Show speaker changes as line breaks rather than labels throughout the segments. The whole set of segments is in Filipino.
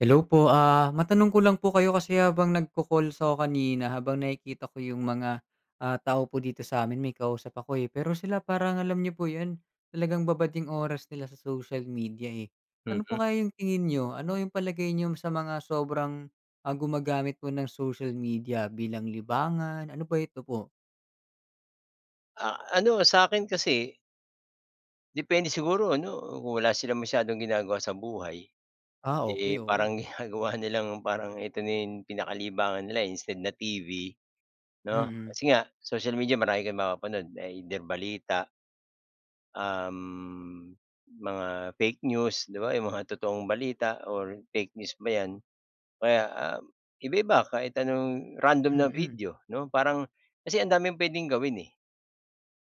Hello po. Ah, matanong ko lang po kayo kasi habang nagko-calls ako kanina habang nakikita ko yung mga, ah, tao po dito s'amin may kausap ako, eh. Pero sila parang alam niyo po yun? Talagang babad yung oras nila sa social media, eh. Ano
Mm.
po kaya yung tingin niyo? Ano yung palagay niyo sa mga sobrang, ah, gumagamit po ng social media bilang libangan, ano ba ito po?
Ah, ano sa'kin kasi depende siguro ano, kung wala silang masyadong ginagawa sa buhay.
Ah, okey,
Eh,
oo.
parang ginagawa nilang parang ito na yung pinakalibangan nila, eh, instead na TV, 'no?
Mm.
Kasi nga social media marami kang mapapanood, either balita um, mga fake news, 'di ba yung mga totoong balita or fake news ba 'yan. Kaya, ah, iba-iba, kahit anong random na
Mm.
video, 'no? Parang kasi ang daming puwedeng gawin, eh.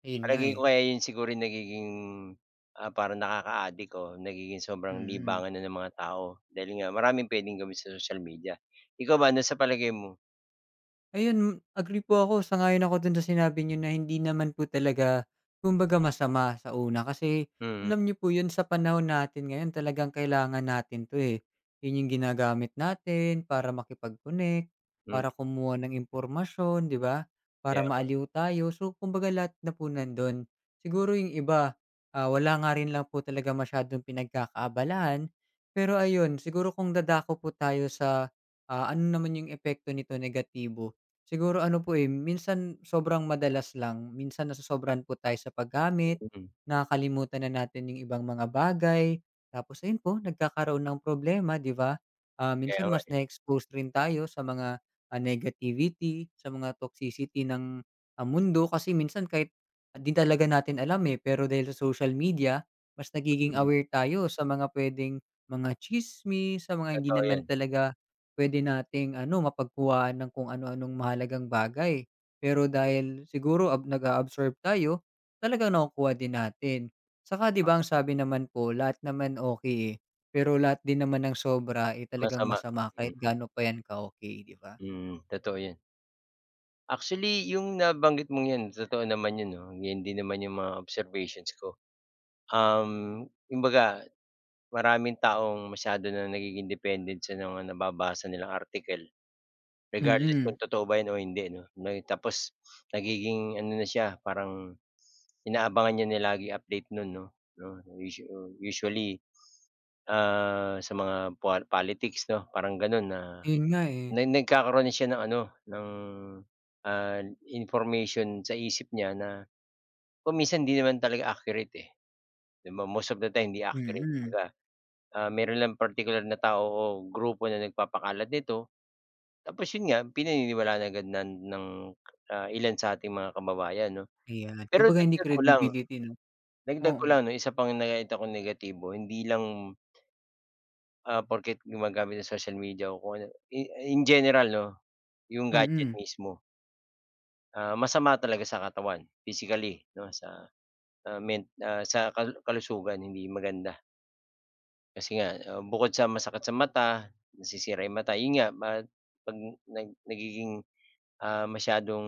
Ayun nga,
Palagay
eh.
ko kaya 'yon siguro nagiging, ah, parang nakaka-adik o nagiging sobrang
Mm.
libangan na ng mga tao dahil nga maraming puwedeng gawin sa social media. IIkaw ba ano sa palagay mo?
Ayun, agree po ako, sang-ayon ako dun sa sinabi niyo na hindi naman po talaga, kumbaga masama sa una. Kasi
Mm.
alam niyo po yun sa panahon natin ngayon, talagang kailangan natin to eh. 'Yon yung ginagamit natin para makipag-connect
Mm.
para kumuha ng impormasyon ,'di ba? Para
Kaya nga eh.
maaliw tayo, so, kumbaga lahat na po nandun. Siguro yung iba, ah, wala nga rin lang po talaga masyadong pinagkakaabalahan, pero ayun siguro kung dadako po tayo sa, ah, ano naman yung epekto nito negatibo. Siguro ano po eh, minsan sobrang madalas lang, minsan nasosobrahan po tayo sa paggamit
Mm.
nakakalimutan na natin yung ibang mga bagay. Tapos ayun po nagkakaroon ng problema 'di ba? Ah,
Kaya
minsan
nga
mas
eh.
na-expose rin tayo sa mga negativity sa mga toxicity ng, ah, mundo. Kasi minsan kahit din talaga natin alam eh, pero dahil sa social media, mas nagiging
Mm.
aware tayo sa mga pwedeng mga chismis, sa mga hindi
Totoo
naman
'yan.
talaga pwede nating ano mapagkuha ng kung ano-anong mahalagang bagay. Pero
Mm.
dahil siguro ab nag-a-absorb tayo, talagang nakukuha din natin. At saka 'di ba, ang sabi naman po lahat naman okay, eh, pero lahat din naman ng sobra eh talagang
Masama,
masama kahit
mm.
gaano pa yan ka-okay, 'di ba?
Mm. Totoo yan. Actually yung nabanggit mong 'yan totoo naman 'yon 'no, yun din naman 'yong mga observations ko. Um, kumbaga, maraming taong masyado na nagiging dependent sa mga nababasa nilang article. Regardless kung
Mm.
totoo ba 'yan o hindi 'no. May tapos nagiging ano na siya, parang inaabangan niya na laging update nun 'no 'no, usua usually, ah, sa mga pal politics 'no, parang ganun na
Ayun nga, eh.
na nag nagkakaroon na siya ng ano, ng, ah, information sa isip niya na kung minsan hindi naman talaga accurate, eh. 'Di ba most of the time hindi accurate,
Mm.
kumbaga. Ah, meron lang partikular na tao o grupo na nagpapakalat nito. Tapos yun nga, pinaniniwalaan agad nan ng, ah, ilan sa ating mga kababayan 'no.
Ayan,
Pero
kumbaga hindi
dagdag ko lang
credibility 'no?
dagdag ko
Oo.
lang 'no, yung isa pang nakita kong negatibo hindi lang ...ah, porke't gumagamit ng social media o kung ano, i in general 'no? Yung gadget
Mm.
mismo. Ah, masama talaga sa katawan, physically, 'no sa, sa men ah, sa kalusugan, hindi maganda. Kasi nga, ah, bukod sa masakit sa mata, nasisira yung mata. 'Yun nga ba 'pag nag nagiging, ah, masyadong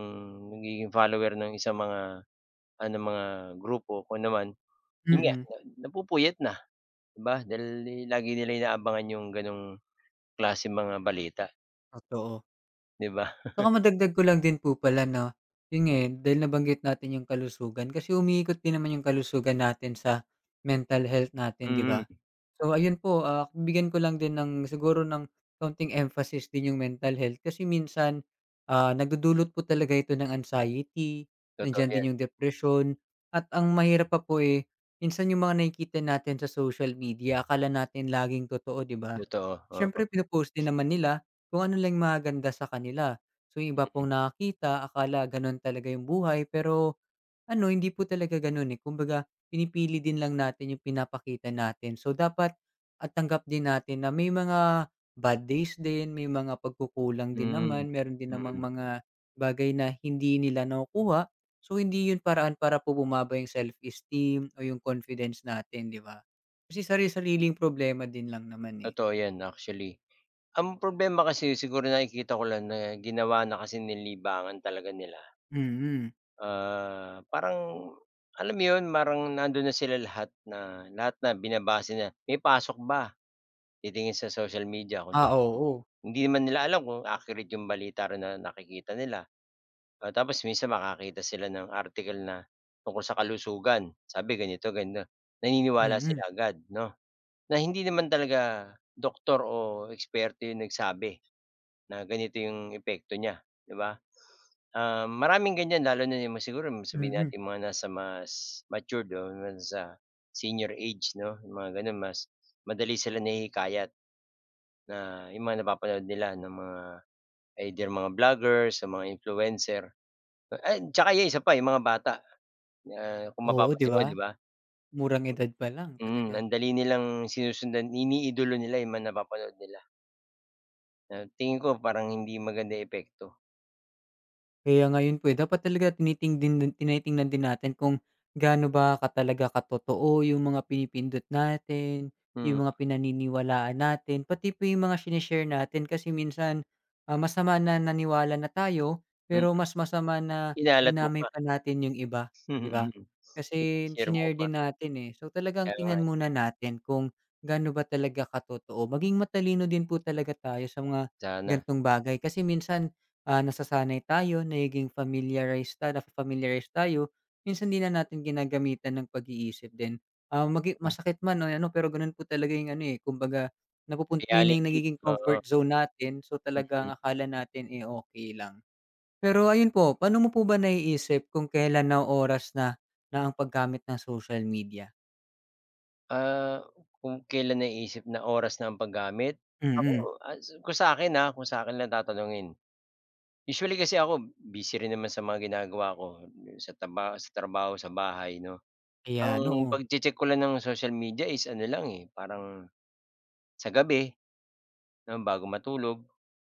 nagiging follower ng isang mga, ano mga grupo, kung ano man. Yun nga,
Mm.
napupuyat na di ba dahil lagi nila inaabangan 'yung ganong klaseng mga balita.
Ah, oo.
'Di ba?
Tsaka, madagdag ko lang din po pala na, 'yun nga, eh, dahil nabanggit natin' yung kalusugan. Kasi umiikot din naman 'yung kalusugan natin sa mental health natin 'di
Mhm.
ba? So ayun po, ah, bigyan ko lang din ng siguro ng konting emphasis din 'yung, mental health. Kasi minsan, ah, nagdudulot po talaga ito ng anxiety,
Totoo
nandiyan din,
yan.
'yung depresyon at ang mahirap pa po, eh, minsan 'yung mga nakikita natin sa social media akala natin laging totoo 'di ba?
Totoo, oo.
Siyempre pinopost din naman nila kung ano lang 'yung maganda sa kanila. So 'yung iba
Mhm.
pong nakakita akala ganun talaga 'yung buhay, pero, ano hindi po talaga ganun, eh. Kumbaga pinipili din lang natin 'yung pinapakita natin. So dapat at tanggap din natin na may mga bad days din, may mga pagkukulangan din
Hmm,
naman, meron din namang
mm.
mga bagay na hindi nila nakukuha. So hindi 'yun paraan para po bumaba 'yung self-esteem o 'yung confidence natin 'di ba? Kasi sari-sariling problema din lang naman, eh.
Totoo 'yan actually ang problema kasi siguro nakikita ko lang na ginawa na kasi ni libangan talaga nila.
Mhm.
Ah, parang alam mo 'yun parang nandun na sila lahat, na lahat na binabase na, "May pasok ba?" titingin sa social media kung
Ah,
totoo.
oo.
Hindi naman nila alam kung accurate 'yung balita rin na nakikita nila. O tapos minsan makakita sila ng article na tungkol sa kalusugan. Sabi ganito naniniwala
Mm.
sila agad 'no, na hindi naman talaga doktor o eksperto 'yong nagsabi na ganito 'yong epekto niya 'di ba? Maraming ganyan lalo na siguro sabihin
Mm.
natin mga nasa mas matured o sa Senior age, 'no? Mga gano'n mas madali silang nahihikayat na 'yung mga napapanood nila ng mga either mga vloggers o mga influencer. Ay tsaka 'yung isa pa, 'yung mga bata, kung
Oo, 'di
mapapansin mo,
ba.
'di ba?
Murang edad pa lang talaga.
Ang dali nilang sinusundan, iniidolo nila 'yung mga napapanood nila. Ah, tingin ko parang hindi maganda yung epekto.
Kaya ngayon po eh, dapat talaga tinitingdin tinitingnan din natin kung gaano ba ka talaga katotoo yung mga pinipindot natin,
Hmm.
yung mga pinaniniwalaan natin, pati po yung mga shine-share natin kasi minsan, ah, masama na naniwala na tayo,
Mm.
pero mas masama na
Kinalat mo
dinamay
pa.
pa natin yung iba, 'di ba?
Mm.
Kasi
Pinag-share mo
shinare
pa.
din natin eh, so talagang
Kaya nga eh.
tingnan muna natin kung gaano ba talaga katotoo. Maging matalino din po talaga tayo sa mga,
Sana.
gantong bagay kasi minsan, ah, nasasanay tayo, nagiging familiarize na-familiarize tayo, minsan hindi na natin ginagamitan ng pag-iisip din, ah, maging
Hmm.
masakit man ano pero gano'n po talagang ano eh, kumbaga napupun na yung
Reality,
nagiging
oo.
comfort zone natin so talaga ang
Mm.
akala natin eh, okey lang. Pero ayun po, pa'no mo po ba naiisip kung kelan na oras na, na ang pag-gamit ng social media?
Ah, kung kelan naiisip na oras na ang pag-gamit? Ako
Mm.
ah, kung sakin ah, kung sakin lang tatanungin. Usually kasi ako busy rin naman sa mga ginagawa ko, dun sa tarabaho sa trabaho sa bahay 'no.
Ayan,
Ang
oo.
pagche-check ko lang ng social media is ano lang eh, parang, sa gabi, bago matulog,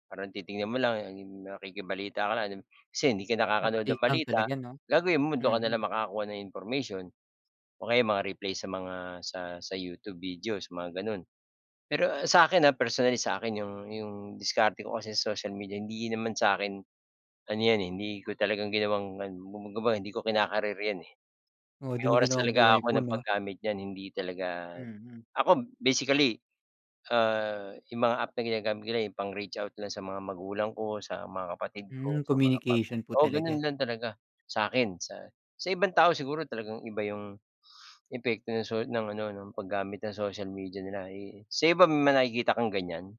parang titingnan mo lang ano yung nakikibalita ka lang kasi hindi ka nakakanood ng
Update lang
balita,
talaga 'no?
gagawin mo dun ka na lang
Mm.
makakuha ng information. O kaya yung mga-replay sa mga sa sa YouTube videos mga gano'n. Pero sa akin ah, personally sa akin yung yung diskarte ko kasi sa social media hindi naman sa akin, ano 'yan eh, hindi ko talagang ginawang kumbaga hindi ko kina-career 'yan eh.
Oh,
May
'di mo
oras
ginawang
talaga
buhay
ako
po
ng
'no?
paggamit niyan hindi talaga
Mm.
ako basically, ah, yung mga app na ginagamit nila eh, yung pang-reach out lang sa mga magulang ko, sa mga kapatid ko,
Hmm,
sa mga pam
communication po
oo, gano'n
talaga.
lang talaga, sa akin, sa sa ibang tao siguro talagang iba yung epekto ng soc ng ano ng pag-gamit ng social media nila eh, sa iba may nakikita kang ganyan?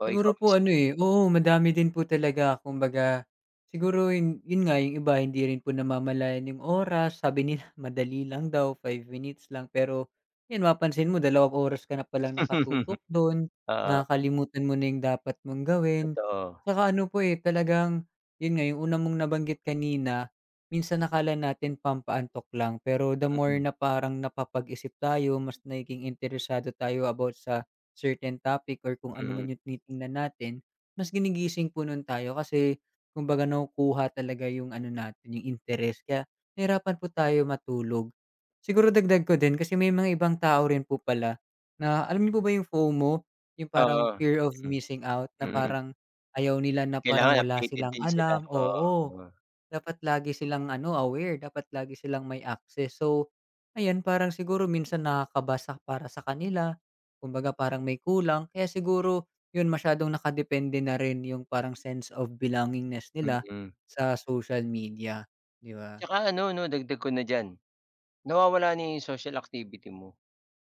O ikaw
Siguro
mismo.
po ano eh, oo madami din po talaga kumbaga, siguro 'yun 'yun nga yung iba hindi rin po namamalayan yung oras, sabi nila madali lang daw, 5 minutes lang, pero, 'yan mapansin mo 2 oras ka na palang nakatutok doon,
Oo.
nakakalimutan mo na dapat mong gawin.
Totoo.
'Tsaka ano po eh, talagang 'yun nga yong una mong nabanggit kanina, minsan akala natin pampaantok lang, pero the more
Mm.
na parang napapag-isip tayo, mas nagiging interesado tayo about sa certain topic or kung ano
Mm.
man yung tinitingnan natin, mas ginigising po nu'n tayo kasi, kumbaga nakukuha talaga yung ano natin, yung interes kaya, nahirapan po tayo matulog. Siguro dagdag ko din kasi may mga ibang tao rin po pala, na alam niyo po ba yung FOMO yung parang
Oo,
fear of
hmm.
missing out. Na
Mm.
parang, ayaw nila na parang
Kailangan
wala
updated
silang
din sila
alam
oo,
oo,
oo.
dapat lagi silang ano, aware, dapat lagi silang may access, so, ayan parang siguro minsan nakakabasa para sa kanila, kumbaga parang may kulang kaya siguro 'yun masyadong naka-depende na rin yung parang sense of belongingness nila
Mm.
sa social media, 'di ba?
'Tsaka ano 'no dagdag ko na diyan, nawawala na yung social activity mo,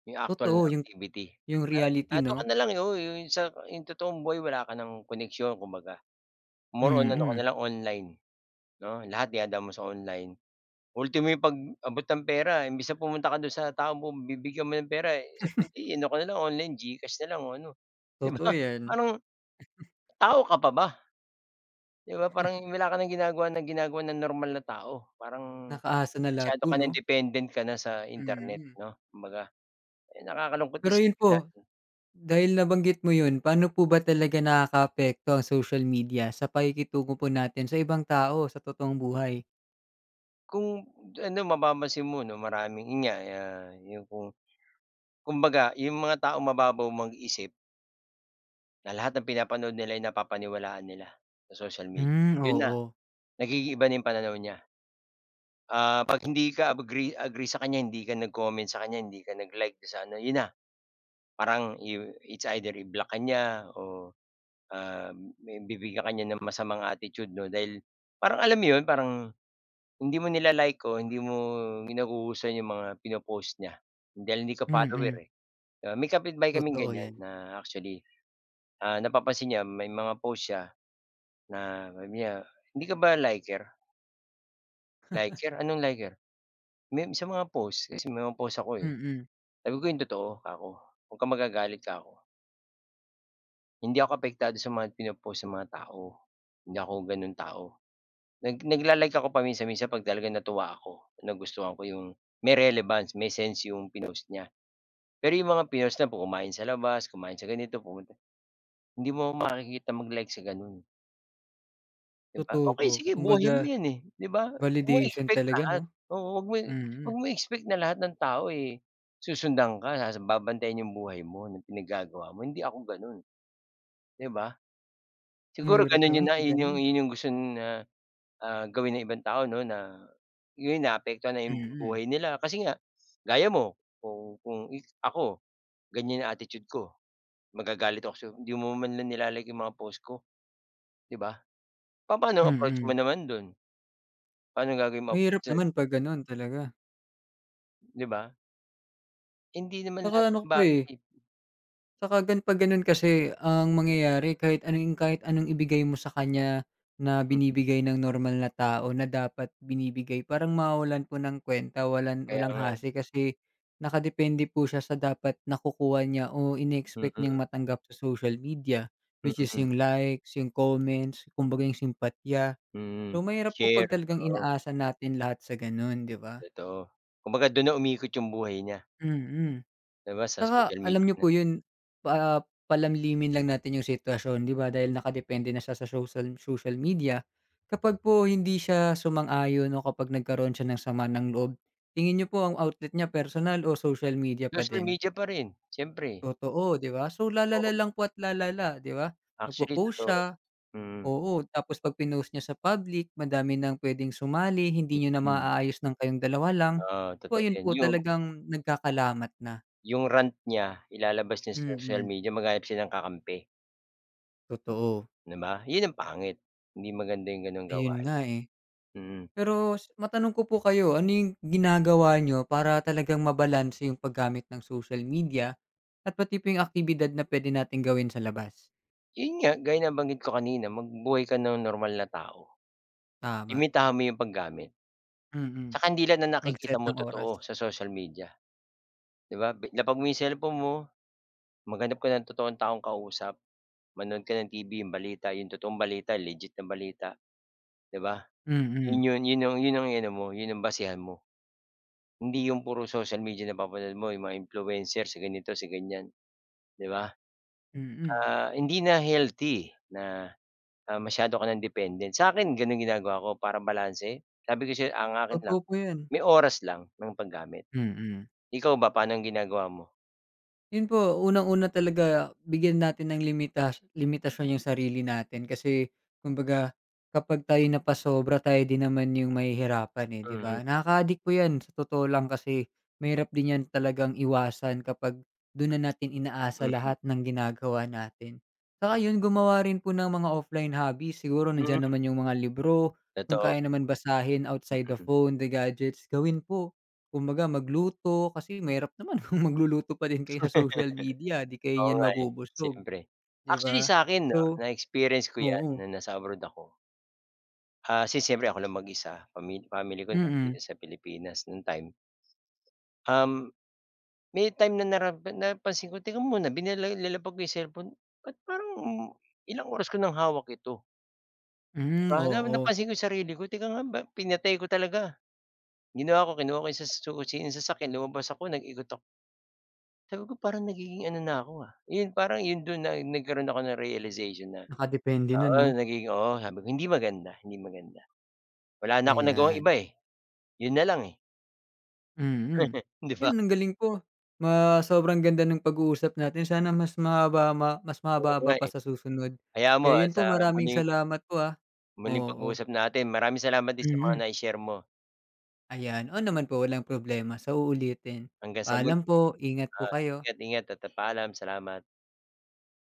yung actual na
Totoo yung
activity.
yung reality,
Eto ka
'no?
na lang eh, oo yung sa yung totoong buhay wala ka ng koneksyon kumbaga. More on ano ka na
Mm.
lang online, 'no? Lahat dinadaan mo sa online, ultimo yung pag-abot ng pera imbes na pumunta ka do'n sa taong pagbibigyan mo ng pera sa hindi ano ka na lang online, Gcash na lang o ano, 'di ba?
Totoo 'yan.
parang tao ka pa ba? 'Di ba parang wala ka nang ginagawa ng ginagawa ng normal na tao, parang,
Naka-asa na lahat
masyado
po
ka nang
'no?
dependent ka na sa internet
Mhm.
'no. Kumbaga, eh, nakakalungkot
Pero 'yun
isipin
po
natin
dahil nabanggit mo 'yun, paano po ba talaga nakaka-apekto ang social media sa pakikitungo po natin sa ibang tao, sa totoong buhay?
Kung ano mapapansin mo 'no maraming yun nga, ah, yung kung kumbaga yung mga taong mababaw mag-isip na lahat ng pinapanood nila ay napapaniwalaan nila sa social media.
Hmm,
Yun na,
oo.
nag-iiba yung pananaw niya. Ah, 'pag hindi ka agree agree sa kanya, hindi ka nag-comment sa kanya, hindi ka nag-like dun sa ano, yun na. Parang i it's either i-block ka niya o, um, bibigyan ka niya ng masamang attitude 'no dahil parang alam mo 'yon, parang hindi mo nila-like o hindi mo nagugustuhan 'yong mga pino-post niya dahil hindi ka follower
Mm.
eh. Ah, may kapitbahay kaming
Totoo
ganyan
'yan.
na actually, ah, napapansin niya may mga post siya na mamaya, "Hindi ka ba liker?" "Liker? anong liker?" "May sa mga post, kasi may mga post ako eh."
Mm.
Sabi ko, "Yung totoo," 'kako. "Wag kang magagalit," 'kako. Hindi ako apektado sa mga pino-post ng mga tao. Hindi ako gano'ng tao. Nag nag nagla-like ako paminsan-minsan 'pag talaga natuwa ako, nagustuhan ko yung may relevance, may sense yung pinost niya. Pero yung mga pinost na kumain sa labas, kumain sa ganito, pumunta hindi mo 'ko makikita mag-like sa ganun. 'Di ba?
Totoo
Okey
po.
sige buhay mo
Kumbaga,
'yan, eh, 'di ba? 'Wag mo
validation
expect
talaga
lahat.
'no?
Oo, 'wag mo
Mm.
'wag mong expect na lahat ng tao, eh, susundan ka ta's babantayan yung buhay mo, ng pinaggagawa mo, hindi ako gano'n, 'di ba? Siguro
Mahirap
ganun
naman
yun na
'pag
yun
gano'n.
yung gusto na ah, gawin ng ibang tao 'no na yun naapektuhan na yung
Mm.
buhay nila. Kasi nga gaya mo, kung kung ako, ganyan ang attitude ko, magagalit ako sa'yo, "Hindi mo man lang nila-like 'yong mga post ko," 'di ba? Papaano ang approach mo
Mm.
naman dun? Pa'nong gagawin mong approach
Mahirap
do'n.
naman 'pag gano'n talaga.
'Di ba? Hindi naman lahat
Tsaka
ng
ano pa, eh
bagay
tsaka 'pag gano'n 'pag gano'n kasi ang mangyayari kahit anong kahit anong ibigay mo sa kanya na
Mm.
binibigay ng normal na tao na dapat binibigay, parang mawawalan po ng kuwenta, walang
Kaya
walang
nga, eh.
hasi kasi nakadepende po siya sa dapat nakukuha niya o in-expect niyang
Mm.
matanggap sa social media. Which is
Mm.
yung likes, yung comments, kumbaga yung simpatiya.
Mm.
So, mahirap po
Share,
'pag talagang
oo.
inaasa natin lahat sa gano'n, 'di ba?
Totoo. Kumbaga do'n na umiikot 'yong buhay niya.
Mm.
'Di ba, sa
Tsaka
social media
alam niyo
na.
po yun, pa palalimin lang natin yung sitwasyon. 'Di ba dahil nakadepende na siya sa social social media, kapag po hindi siya sumang-ayon o kapag nagkaroon siya ng sama ng loob, tingin niyo po ang outlet niya personal o social media pa
Social
din?
media pa rin siyempre.
Totoo, 'di ba? So lalala
Totoo.
lang po at lalala, 'di ba? Mag
Actually,
po-post
totoo.
siya
Mm.
oo. Tapos 'pag pinost niya sa public madami ng puwedeng sumali, hindi niyo na
Mm.
maayos ng kayong dalawa lang,
Oo,
so
totoo
ayun
'yan.
po
Yung
talagang nagkakalamat na.
yung rant niya ilalabas niya sa social
Mm.
media, maghanap siya ng kakampi.
Totoo.
'Di ba? 'Yun ang pangit, hindi maganda yung ganong
'Ayun
gawain.
nga, eh.
Mm.
Pero matanong ko po kayo, ano yung ginagawa niyo para talagang ma-balanse yung paggamit ng social media at pati po 'yung aktibidad na pwede nating gawin sa labas?
'Yun nga, gaya nabanggit ko kanina magbuhay ka ng normal na tao.
Tama.
Limitahan mo 'yung paggamit.
Mm,
'Tsaka 'di lahat ng nakikita
mag-set
mo
ng oras.
totoo, sa social media. 'Di ba? Lapag mo 'yong cellphone mo, maghanap ka ng totoong taong kausap, manood ka ng TV 'yong balita, 'yong totoong balita, legit na balita, 'di ba? 'Yun
Mm.
'yon 'yun 'yon 'yun 'yong iano mo, 'yon ang basehan mo. Hindi 'yong puro social media napapanood mo, 'yung mga influencer si ganito, si ganyan, 'di ba?
Mm.
Ah, hindi na healthy, na, ah, masyado ka ng dependent. Sakin ganun ginagawa ko para balanse. Sabi ko sa'yo, ang akin lang,
Totoo po yan.
may oras lang ng paggamit.
Mm.
Ikaw ba, pa'nong ginagawa mo?
'Yun po, unang-una talaga, ah, bigyan natin ng limitash limitasyon 'yung sarili natin kasi, kumbaga, kapag tayo napasobra, tayo din naman 'yung mahihirapan, eh, 'di
Mm.
ba? Nakaka-adik po yan, sa totoo lang, kasi mahirap din 'yan talagang iwasan kapag dun na natin inaasa
Mm.
lahat ng ginagawa natin. 'Tsaka 'yun gumawa rin po ng mga offline hobbies, siguro
Hmm.
nandiyan naman yung mga libro, kung
Totoo.
kaya naman basahin outside the
Mm.
phone, the gadgets, gawin po. Kumbaga magluto, kasi mahirap naman kung magluluto pa din kayo sa social media, 'di kayo
Oo,
niyan
nga, eh,
mabubusog,
syempre.
'di
Actually,
ba?
sa'kin, 'no,
So
na-experience ko 'yan
oo
nung nasa abroad ako. Ah, kasi siyempre ako lang mag-isa, pamil family ko
Mm.
nandito sa Pilipinas nung time Um, may time na nara na napansin ko, teka muna binila nilapag ko 'yung cellphone, ba't parang, um, ilang oras ko ng hawak ito?
Hmm,
'Ba, na
oo.
napansin ko yung sarili ko, teka nga 'ba pinatay ko talaga. Ginawa ko kinuha ko sa susi ng sasakyan lumabas ako nag-ikot ako. Sabi ko, parang nagiging ano na ko, ah. Yun parang yun dun na nagkaroon ako ng realization na
Nakadepende na
oo,
'no.
nagiging oo, sabi ko, hindi maganda hindi maganda. Wala na akong nagawang iba,
Ayan.
eh, 'yun nalang, eh.
Mm,
'Di ba?
'yan ang galing po. Ma sobrang ganda ng pag uusap natin. Sana mas mahaba, ma mas
Oo nga,
mahaba-haba pa
eh.
sa susunod.
Hayaan mo,
Kaya
ah,
'yun
sa
po, maraming
muling
salamat po, ah,
Muling
oo.
pag-uusap natin. Maraming salamat din, sa mga
Mm.
nai-share mo.
'Ayan, oo naman po, walang problema, sa uulitin.
Hanggang sa muli.
Paalam po. Ingat po
Oo,
kayo.
ingat, ingat at at paalam. Salamat.